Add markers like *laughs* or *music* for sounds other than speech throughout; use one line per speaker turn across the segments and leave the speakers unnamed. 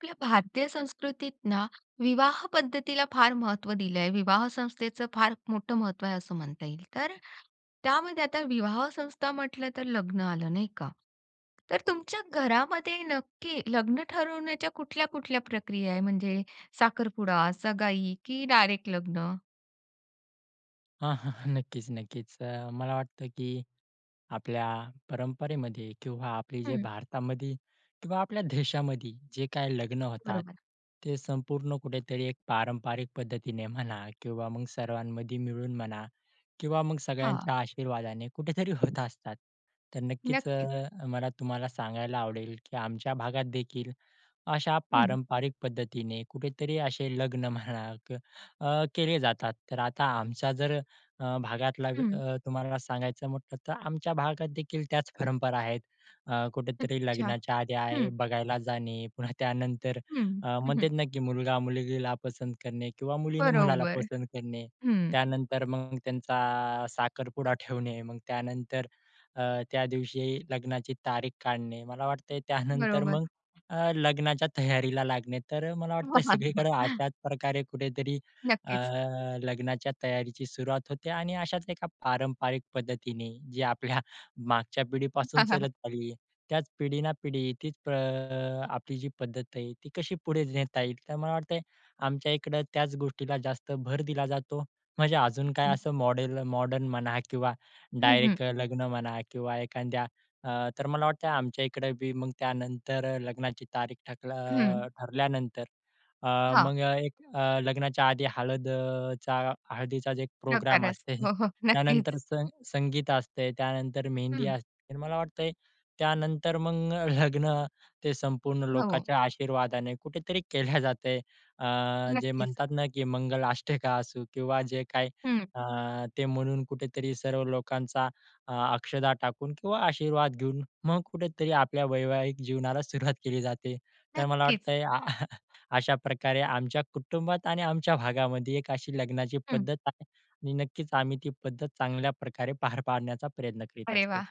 आपल्या भारतीय संस्कृतीत ना, विवाह पद्धतीला फार महत्त्व दिलंय. विवाह संस्थेचं, फार मोठं महत्त्व आहे असं म्हणता येईल. तर त्यामध्ये आता विवाह संस्था म्हटलं तर, लग्न आलं नाही का. तर, तुमच्या घरामध्ये नक्की लग्न ठरवण्याच्या कुठल्या ,कुठल्या प्रक्रिया आहे? म्हणजे साखरपुडा, सगाई, की डायरेक्ट लग्न.
*chuckles* हां, हां नक्कीच, नक्कीच. मला वाटतं की आपल्या परंपरेमध्ये किंवा आपले जे
हं.
भारतामध्ये किंवा आपल्या देशामध्ये जे काही लग्न होतात,
बरोबर.
ते संपूर्ण कुठेतरी एक पारंपरिक पद्धतीने म्हणा किंवा मग सर्वांमध्ये मिळून म्हणा किंवा मग
हां.
सगळ्यांच्या आशीर्वादाने कुठेतरी होत असतात. तर नक्कीच
नक्कीच.
अ, मला तुम्हाला सांगायला आवडेल की आमच्या भागात देखील अशा
हं.
पारंपरिक पद्धतीने कुठेतरी असे लग्न म्हणा अ, केले जातात. तर आता आमचा जर अ, भागातला
हं.
अ, तुम्हाला सांगायचं म्हटलं तर, आमच्या भागात देखील त्याच परंपरा आहेत. अ, कुठेतरी
अच्छा,
लग्नाच्या आधी आहे
हं.
बघायला जाणे. पुन्हा त्यानंतर
हं
अ,
हं.
मग ते
हं.
नक्की मुलगा मुलगीला पसंत करणे किंवा मुलीने *chuckles* मुलाला
बरोबर,
पसंत करणे.
हं.
त्यानंतर मग त्यांचा अ, साखरपुडा ठेवणे मग त्यानंतर अ, त्या दिवशी लग्नाची तारीख काढणे. मला वाटतंय *chuckles* त्यानंतर
बरोबर.
मग अ, लग्नाच्या तयारीला लागणे. तर मला वाटतंय सगळीकडं
*chuckles*
अशाच प्रकारे कुठेतरी अ,
.नक्कीच.
लग्नाच्या तयारीची सुरुवात होते आणि अशाच एका पारंपरिक पद्धतीने जे आपल्या मागच्या पिढीपासून
*chuckles*
चालत आली, त्याच पिढी ना पिढी तीच आपली जी प पद्धत आहे ती कशी पुढे नेता येईल. तर मला वाटते आमच्या इकडं त्याच गोष्टीला जास्त भर दिला जातो. म्हणजे अजून काय
हं.
असं मॉडेल, मॉडर्न म्हणा किंवा
हं, हं.
डायरेक्ट, लग्न म्हणा किंवा एखाद्या अ, तर मला वाटतंय आमच्या इकडं बी मग, त्यानंतर लग्नाची तारीख ठक
हं.
अ, ठरल्यानंतर अ,
हां.
मग एक अ, लग्नाच्या आधी हळद अ, चा हळदीचाच एक प्रोग्राम
प्रकारच.
असते, *chuckles*
हो, हो. नक्कीच.
त्यानंतर सं संगीत असते, त्यानंतर मेहंदी
हं.
असते. मला वाटतंय त्यानंतर मग लग्न, ते संपूर्ण
हो.
लोकाच्या आशीर्वादाने कुठेतरी केल्या *chuckles* जातय. अ, जे
नक्कीच.
म्हणतात ना, की मंगल अष्टका असू किंवा जे काही
हं.
अ, ते म्हणून कुठेतरी सर्व लोकांचा अ, अक्षदा टाकून किंवा आशीर्वाद घेऊन, मग कुठेतरी आपल्या वैवाहिक जीवनाला सुरुवात केली जाते. तर मला
नक्कीच.
वाटतंय अशा प्रकारे आमच्या कुटुंबात आणि आमच्या भागामध्ये एक अशी लग्नाची
हं
पद्धत आहे. आ आणि नक्कीच आम्ही ती पद्धत चांगल्या प्रकारे पार *chuckles* पाडण्याचा प्रयत्न करीत
अरे,
असतो.
वा!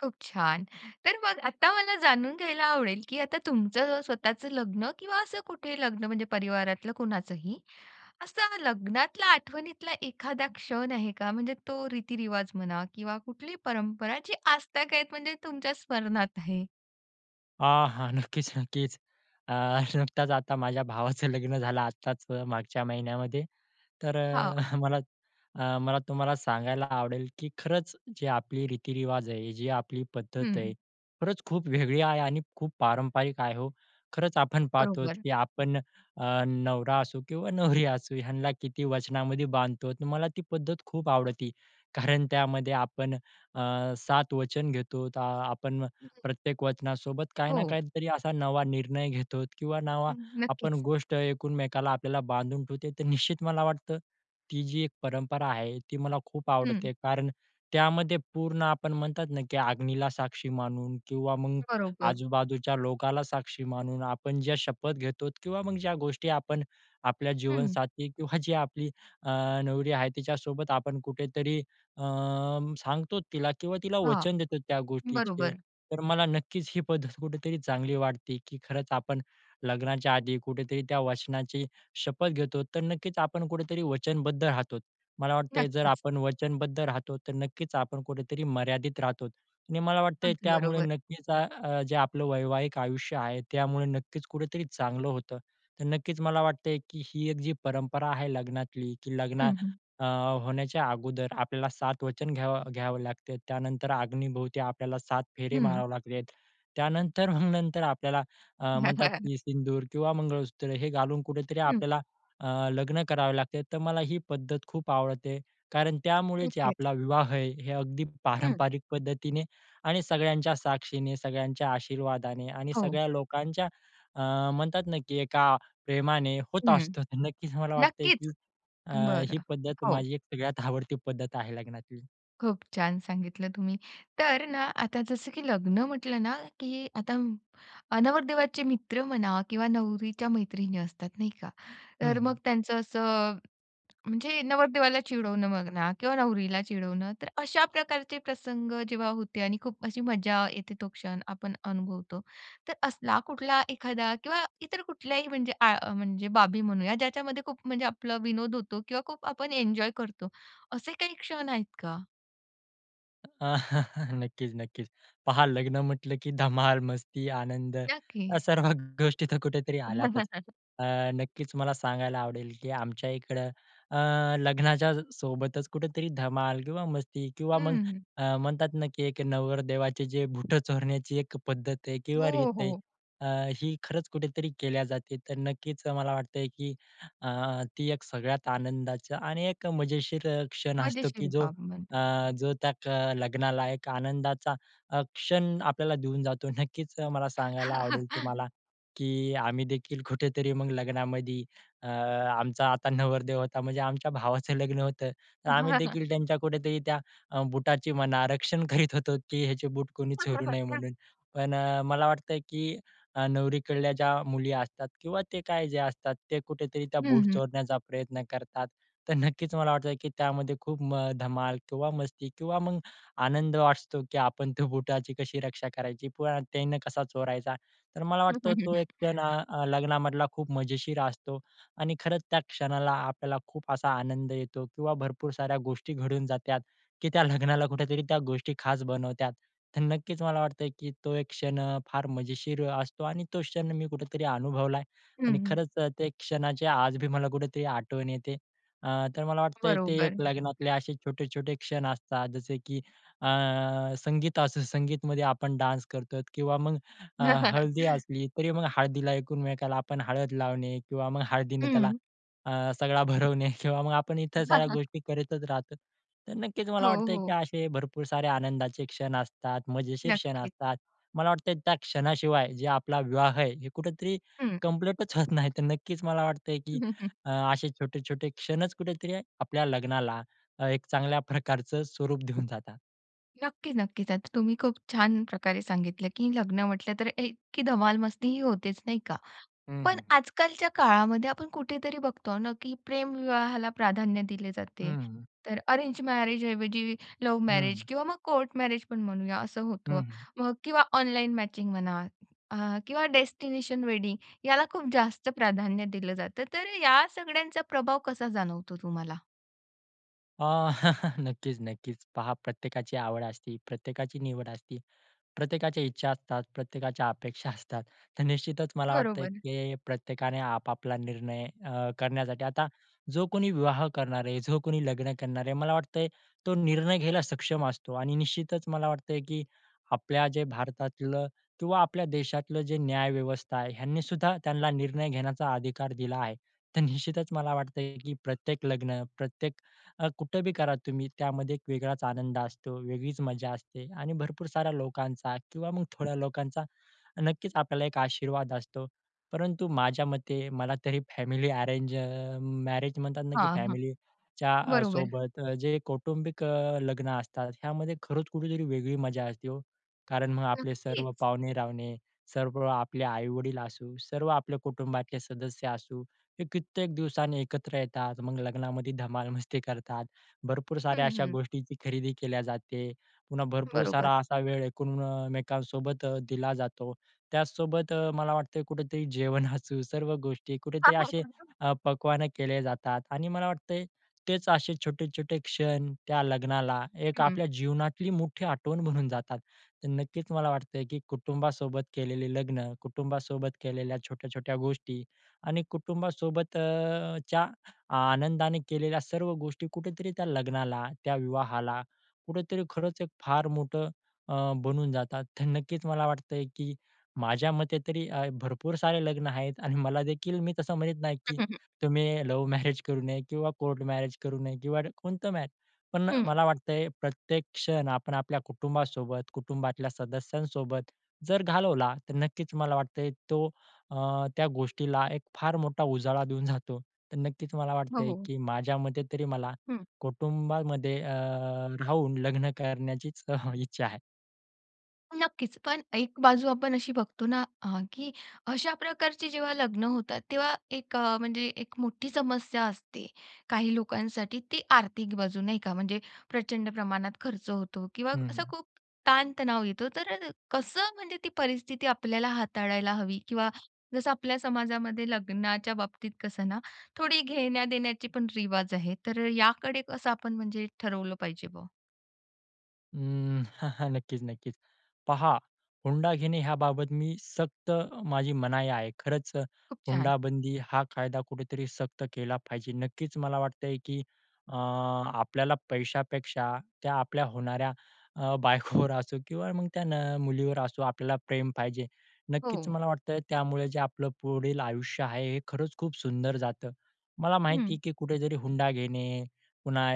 खूप छान. तर मग आता मला, जाणून घ्यायला आवडेल, की आता, तुमचं स्वतःचं लग्न किंवा असं, कुठेही लग्न म्हणजे परिवारातलं, कुणाचंही ,असं लग्नातला आठवणीतला एखादा क्षण आहे का? म्हणजे तो, रीतिरिवाज म्हणा किंवा कुठलीही, परंपरा जी आजतागायत आहेत, म्हणजे तुमच्या स्मरणात आहे.
हां, हां. नक्कीच, नक्कीच. अ, नुकताच आता माझ्या भावाचं लग्न झालं आत्ताच मागच्या महिन्यामध्ये, तर
हां.
अ, मला अ, मला तुम्हाला सांगायला आवडेल, की खरंच जे आपली रीतिरिवाज आहे, जे आपली पद्धत आहे,
हं
खरंच खूप वेगळी आहे आणि खूप पारंपरिक आहे हो. खरंच आपण पाहत आहोत,
बरोबर.
की आपण अ, नवरा असो किंवा नवरी असू ह्यांला किती वचनामध्ये बांधतो. तर मला ती पद्धत खूप आवडते, कारण त्यामध्ये आपण अ, 7 वचन घेतो. आपण
हं.
प्रत्येक वचनासोबत काही ना
हो.
काही तरी असा नवा निर्णय घेतो आहोत किंवा नवा आपण
नक्कीच.
गोष्ट एकमेकांना आपल्याला बांधून ठेवते. तर निश्चित मला वाटतं ती जी एक परंपरा आहे, ती मला खूप
हं.
आवडते, कारण त्यामध्ये पूर्ण आपण म्हणतात ना, की अग्नीला साक्षी मानून किंवा मग
बरोबर.
आजूबाजूच्या लोकांना साक्षी मानून, आपण ज्या शपथ घेतो किंवा मग ज्या गोष्टी आपण आपल्या
हं.
जीवनसाथी किंवा जी आपली अ, नवरी आहे तिच्यासोबत आपण कुठे तरी अ, सांगतो तिला किंवा तिला
हां.
वचन देतो त्या गोष्टीचे.
बरोबर.
तर मला नक्कीच ही पद्धत कुठे तरी चांगली वाटते, की खरंच आपण लग्नाच्या आधी कुठे तरी त्या वचनाची शपथ घेतो. तर नक्कीच आपण कुठे तरी वचनबद्ध राहतोत. मला वाटतं आहे जर
नक्कीच.
आपण वचनबद्ध राहतो, तर नक्कीच आपण कुठे तरी मर्यादित राहतो आणि मला वाटतंय
अगदी
त्यामुळे
बरोबर.
नक्कीच अ, अ, जे आपलं वैवाहिक आयुष्य आहे, त्यामुळे नक्कीच कुठे तरी चांगलं होतं. तर नक्कीच मला वाटतं आहे, की ही एक जी परंपरा आहे लग्नातली, की
हं,
लग्ना
हं.
अ, होण्याच्या अगोदर आपल्याला 7 वचन घ्यावं घ्यावं लागते. त्यानंतर अग्नीभोवती आपल्याला 7 फेरे
हं.
मारावे लागले आहेत, त्यानंतर मग नंतर आपल्याला अ, म्हणतात,
*chuckles*
की सिंदूर किंवा मंगळसूत्र हे घालून कुठे तरी
हं.
आपल्याला अ, लग्न करावं लागते. तर मला ही पद्धत खूप आवडते, कारण त्यामुळे जे
नक्कीच.
आपला विवाह आहे, हे अगदी
हं.
पारंपरिक पद्धतीने आणि सगळ्यांच्या साक्षीने, सगळ्यांच्या आशीर्वादाने आणि
हो.
सगळ्या लोकांच्या अ, म्हणतात ना, की एका प्रेमाने होत
हं.
असतं. तर नक्कीच मला वाटतं,
नक्कीच.
की अ, ही
बरं.
पद्धत
हो.
माझी एक सगळ्यात आवडती पद्धत आहे लग्नातली.
खूप छान सांगितलं तुम्ही. तर ना, आता जसं की लग्न म्हटलं ना, की आता नवरदेवाचे मित्र म्हणा किंवा नवरीच्या मैत्रिणी असतात, नाही का.
हं,
तर मग
हं.
त्यांचं असं, म्हणजे नवरदेवाला चिडवणं म्हणा किंवा नवरीला चिडवणं, तर अशा प्रकारचे प्रसंग जेव्हा होते आणि खूप अशी मजा येते, तो क्षण आपण अनुभवतो. तर असला कुठला एखादा किंवा इतर कुठल्याही आ म्हणजे, म्हणजे बाबी म्हणूया ज्याच्यामध्ये खूप म्हणजे आपला विनोद होतो किंवा खूप आपण एन्जॉय करतो, असे काही क्षण आहेत का?
अ, *chuckles* नक्कीच, नक्कीच. पहा लग्न म्हटलं, की धमाल, मस्ती, आनंद
नक्की.
या सर्व ग गोष्टी तिथे कुठेतरी आल्यातच.
*laughs*
अ, नक्कीच मला सांगायला आवडेल, की आमच्या इकडे अ, लग्नाच्या सोबतच कुठेतरी धमाल किंवा मस्ती किंवा मग
हं.
अ, म्हणतात ना, की एक नवरदेवाचे जे बूट चोरण्याची एक पद्धत आहे किंवा
हो,
रीत आहे,
हो.
अ, ही खरंच कुठेतरी केल्या जाते. तर नक्कीच मला वाटतं, की अ, ती एक सगळ्यात आनंदाचं आणि एक मजेशीर अ, क्षण असतो,
मजेशीर
की जो
बाब म्हण
अ, जो त्या अ, लग्नाला एक आनंदाचा अ, क्षण आपल्याला देऊन जातो. नक्कीच मला सांगायला आवडेल
*chuckles*
तुम्हाला, की आम्ही देखील कुठेतरी मग लग्नामधी अ, आमचा आता नवरदेव होता म्हणजे आमच्या भावाचं लग्न होतं, तर आम्ही
*chuckles*
देखील त्यांच्या कुठेतरी त्या अ, बुटाची म्हणा रक्षण करीत होतो, की ह्याचे बूट कोणी चोरू नये
*chuckles*
म्हणून, पण मला वाटतं की अ, नवरीकडल्या ज्या मुली असतात किंवा ते काय ज्या असतात, ते कुठेतरी त्या
हं,
बूट
हं.
चोरण्याचा प्रयत्न करतात. तर नक्कीच मला वाटतं, की त्यामध्ये खूप म धमाल किंवा मस्ती किंवा मग आनंद असतो, की आपण त्या बुटाची कशी रक्षा करायची? प त्यांना कसा चोरायचा? तर मला वाटतं, तो एक
*chuckles*
क्षण ना लग्नामधला खूप मजेशीर असतो आणि खरंच! त्या क्षणाला आपल्याला खूप असा आनंद येतो किंवा भरपूर साऱ्या गोष्टी घडून जातात, की त्या लग्नाला कुठेतरी त्या गोष्टी खास बनवतात. तर नक्कीच मला वाटतं, की तो एक क्षण अ, फार मजेशीर अ, असतो आणि तो क्षण मी कुठेतरी अनुभवला आहे आणि
हं.
खरंच ते क्षणाची आज बी मला कुठेतरी आठवण येते. अ, तर मला वाटते ते एक
बरोबर.
लग्नातले, असे छोटे-छोटे क्षण असतात, जसे की अ, संगीत असो, संगीतमध्ये आपण डान्स करतो किंवा मग हळदी
*chuckles*
असली तरी, मग हळदीला एकमेकाला आपण हळद लावणे किंवा मग हळदीनं त्याला
हं.
अ, सगळा भरवणे किंवा मग आपण इतर साऱ्या
*chuckles*
गोष्टी करतच राहतो. तर नक्कीच मला
हो,
वाटतं आहे की
हो.
असे भरपूर सारे आनंदाचे क्षण असतात, मजेशीर क्षण
नक्कीच.
असतात, मला वाटतं आहे त्या क्षणाशिवाय जे आपला विवाह आहे हे कुठेतरी
हं.
कंप्लीटच होत नाही. तर नक्कीच मला वाटतंय, की अ,
*chuckles*
असे छोटे-छोटे क्षणच कुठेतरी आपल्या लग्नाला अ, एक चांगल्या प्रकारचं स्वरूप देऊन जातात.
नक्की, नक्कीच. आता तुम्ही खूप छान प्रकारे सांगितलं, की लग्न म्हटलं तर इतकी धमाल मस्तीही होतेच नाही का?
हं,
पण
हं.
आजकालच्या काळामध्ये आपण कुठेतरी बघतो ना, की प्रेमविवाहाला प्राधान्य दिले
हं,
जाते.
हं.
तर अरेंज मॅरेजऐवजी लव्ह मॅरेज
हं.
किंवा मग कोर्ट मॅरेज पण म्हणूया असं होतं.
हं, हं.
मग किंवा ऑनलाईन मॅचिंग म्हणा अ, किंवा डेस्टिनेशन वेडिंग याला खूप जास्त प्राधान्य दिलं जातं. तर या सगळ्यांचा प्रभाव कसा जाणवतो तुम्हाला?
अ, *chuckles* नक्कीच, नक्कीच. पहा प्रत्येकाची आवड असती प्रत्येकाची निवड असती. प्रत्येकाच्या इच्छा असतात प्रत्येकाच्या अपेक्षा असतात. तर निश्चितच मला वाटतंय,
बरोबर.
की प्रत्येकाने आपापला निर्णय अ, करण्यासाठी आता जो कोणी विवाह करणार आहे जो कोणी लग्न करणार आहे, मला वाटतं तो निर्णय घ्यायला सक्षम असतो आणि निश्चितच मला वाटतं आहे, की आपल्या जे भारतातलं किंवा आपल्या देशातलं जे न्याय व्यवस्था आहे ह्यांनी सुद्धा त्यांना निर्णय घेण्याचा अधिकार दिला आहे. तर निश्चितच मला वाटतं आहे, की प्रत्येक लग्न प्रत्येक अ, कुठं बी करा तुम्ही त्यामध्ये एक वेगळाच आनंद असतो, वेगळीच मजा असते आणि भरपूर साऱ्या लोकांचा किंवा मग थोड्या लोकांचा, नक्कीच आपल्याला एक आशीर्वाद असतो. परंतु माझ्या मते मला तरी फॅमिली अरेंज अ, मॅरेज म्हणतात ना, की
हां, हां.
फॅमिलीच्या अ,
बरोबर.
सोबत जे कौटुंबिक अ, लग्न असतात, ह्यामध्ये खरंच कुठेतरी वेगळी मजा असती ओ. कारण मग आपले सर्व
नक्कीच.
पाहुणे-रावणे सर्व आपले आई-वडील असू सर्व आपल्या कुटुंबातले सदस्य असू हे कित्येक दिवसांनी एकत्र येतात मग लग्नामध्ये धमाल मस्ती करतात. भरपूर साऱ्या
हं,
अशा
हं.
गोष्टींची खरेदी केल्या जाते. पुन्हा भरपूर सारा
बरोबर.
असा वेळ एकमेकांसोबत दिला जातो. त्याचसोबत अ, मला वाटतं आहे कुठेतरी जेवण असू सर्व गोष्टी कुठेतरी असे
*unintelligible*
अ, पक्वाने केले जातात आणि मला वाटतं आहे, तेच असे छोटे-छोटे क्षण त्या लग्नाला एक
हं.
आपल्या जीवनातली मोठी आठवण म्हणून जातात. तर नक्कीच मला वाटतं आहे, की कुटुंबासोबत केलेले लग्न, कुटुंबासोबत केलेल्या छोट्या-छोट्या गोष्टी आणि कुटुंबासोबतच्या आनंदाने केलेल्या सर्व गोष्टी कुठेतरी त्या लग्नाला, त्या विवाहाला कुठेतरी खरंच एक फार मोठं अ, बनून जातात. तर नक्कीच मला वाटतं आहे, की माझ्या मते तरी अ, भरपूर सारे लग्न आहेत आणि मला देखील मी तसं म्हणत नाही,
हं,
की
हं, हं.
तुम्ही लव्ह मॅरेज करू नये किंवा कोर्ट मॅरेज करू नये किंवा कोणतं मॅरे पण
हं.
मला वाटतंय प्रत्येक क्षण आपण आपल्या कुटुंबासोबत कुटुंबातल्या सदस्यांसोबत जर घालवला. तर नक्कीच मला वाटतं आहे तो अ, त्या गोष्टीला एक फार मोठा उजाळा देऊन जातो. तर नक्कीच मला
हो,
वाटतं आहे,
हो.
की माझ्यामते तरी मला
हं.
कुटुंबामध्ये अ, राहून लग्न करण्याचीच अ, हं, इच्छा आहे.
नक्कीच पण एक बाजू आपण अशी बघतो ना अ, की अशा प्रकारचे जेव्हा लग्न होतात तेव्हा एक अ, म्हणजे एक मोठी समस्या असते, काही लोकांसाठी ती आर्थिक बाजू, नाही का, म्हणजे प्रचंड प्रमाणात खर्च होतो किंवा
हं,
असा
हं.
खूप ताण-तणाव येतो. तर कसं म्हणजे ती परिस्थिती आपल्याला हाताळायला हवी? किंवा जसं आपल्या समाजामध्ये लग्नाच्या बाबतीत कसं ना, थोडी घेण्या-देण्याची पण रिवाज आहे. तर याकडे कसं आपण म्हणजे ठरवलं पाहिजे बा?
अं, *chuckles* नक्कीच, नक्कीच, पहा हुंडा घेणे याबाबत मी सक्त माझी मनाई आहे. खरंच
खूप छान.
हुंडाबंदी हा कायदा कुठेतरी सक्त केला पाहिजे. नक्कीच मला वाटतंय की, अ, आपल्याला पैशापेक्षा त्या आपल्या होणाऱ्या अ, बायकोवर असो किंवा मग त्या न मुलीवर असो आपल्याला प्रेम पाहिजे.
हो,
नक्कीच
हो.
मला वाटतं त्यामुळे जे आपलं पुढील आयुष्य आहे हे खरंच खूप सुंदर जातं. मला माहिती
हं.
आहे, की कुठेतरी हुंडा घेणे पुन्हा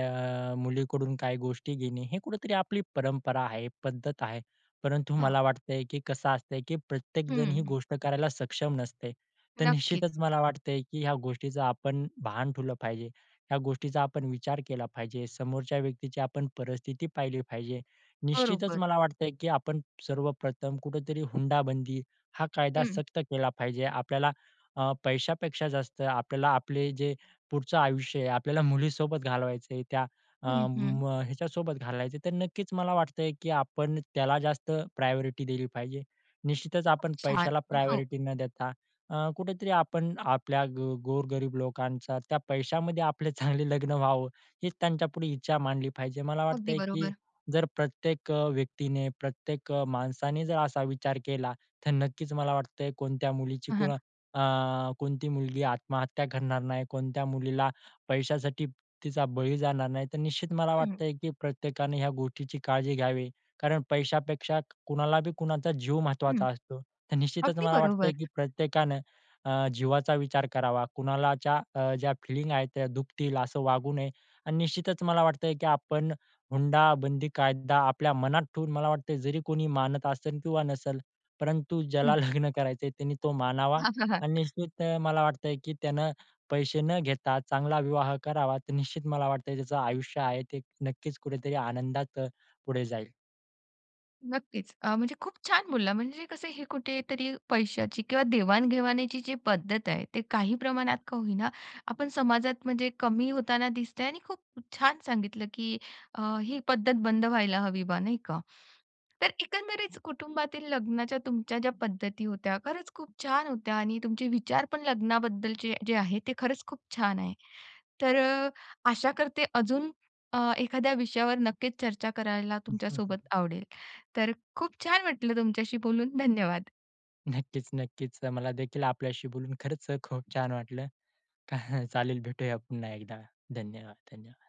अ, मुलीकडून काही गोष्टी घेणे हे कुठेतरी आपली परंपरा आहे, पद्धत आहे. परंतु
हा.
मला वाटते, की कसं असतं, की प्रत्येकजण ही
हं.
गोष्ट करायला सक्षम नसते तर
नक्कीच.
निश्चितच मला वाटतंय, की ह्या गोष्टीचं आपण भान ठेवलं पाहिजे. ह्या गोष्टीचा आपण विचार केला पाहिजे, समोरच्या व्यक्तीची आपण परिस्थिती पाहिली पाहिजे. निश्चितच
बरोबर.
मला वाटतंय, की आपण सर्वप्रथम कुठेतरी हुंडाबंदी हा कायदा
हं.
सक्त केला पाहिजे. आपल्याला अ, पैशापेक्षा जास्त आपल्याला आपले जे पुढचं आयुष्य आहे आपल्याला मुलीसोबत घालवायचं आहे. त्या अ,
हं, हं.
म ह्याच्यासोबत घालायचं आहे तर नक्कीच मला वाटतंय की आपण त्याला जास्त प्रायोरिटी दिली पाहिजे. निश्चितच
खूप
आपण
छान,
पैशाला
हो.
प्रायोरिटी न देता अ, कुठेतरी आपण आपल्या गो गोरगरीब लोकांचा त्या पैशामध्ये आपले चांगले लग्न व्हावं हीच त्यांच्यापुढे इच्छा मांडली पाहिजे मला
अगदी
वाटतंय की
बरोबर.
जर प्रत्येक अ, व्यक्तीने प्रत्येक माणसाने जर असा विचार केला तर नक्कीच मला वाटतंय कोणत्या मुलीची कोण
हां.
अ, कोणती मुलगी आत्महत्या करणार नाही. कोणत्या मुलीला पैशासाठी तिचा बळी जाणार नाही. तर निश्चित मला
हं.
वाटतंय की प्रत्येकाने ह्या गोष्टीची काळजी घ्यावी कारण पैशापेक्षा, कुणाला बी कुणाचा जीव
हं,
महत्त्वाचा असतो. तर निश्चितच
अगदी
मला वाटतंय, की
बरोबर.
प्रत्येकानं अ, जीवाचा विचार करावा कुणालाच्या अ, ज्या फीलिंग आहे त्या दुखतील असं वागू नये आणि निश्चितच मला वाटतंय, की आपण हुंडाबंदी कायदा आपल्या मनात ठेवून मला वाटतं जरी कोणी मानत असेल किंवा नसेल परंतु ज्याला
हं.
लग्न करायचं त्याने तो मानावा आणि
*chuckles*
निश्चित मला वाटतंय, की त्यानं पैसे न घेता चांगला विवाह करावा. तर निश्चित मला वाटतं त्याचं आयुष्य आहे ते नक्कीच कुठेतरी आनंदात पुढे जाईल.
नक्कीच, अ, म्हणजे खूप छान! बोलला म्हणजे कसं हे कुठेतरी पैशाची किंवा देवाण-घेवाणीची जी पद्धत आहे ते काही प्रमाणात का होईना आपण समाजात म्हणजे कमी होताना दिसतंय आणि खूप छान सांगितलं, की अ, ही पद्धत बंद व्हायला हवी बा नाही का? तर एकंदरीत कुटुंबातील लग्नाच्या तुमच्या ज्या पद्धती होत्या खरंच खूप छान होत्या आणि तुमचे विचार पण लग्नाबद्दलचे जे आहे ते खरंच खूप छान आहे. तर अ, आशा करते अजून अ, एखाद्या विषयावर नक्कीच चर्चा करायला तुमच्यासोबत
*chuckles*
आवडेल तर खूप छान वाटलं तुमच्याशी बोलून, धन्यवाद.
नक्कीच-नक्कीच, मला देखील आपल्याशी बोलून खरंच खूप छान वाटलं, *chuckles* चालेल भेटूया पुन्हा एकदा धन्यवाद, धन्यवाद.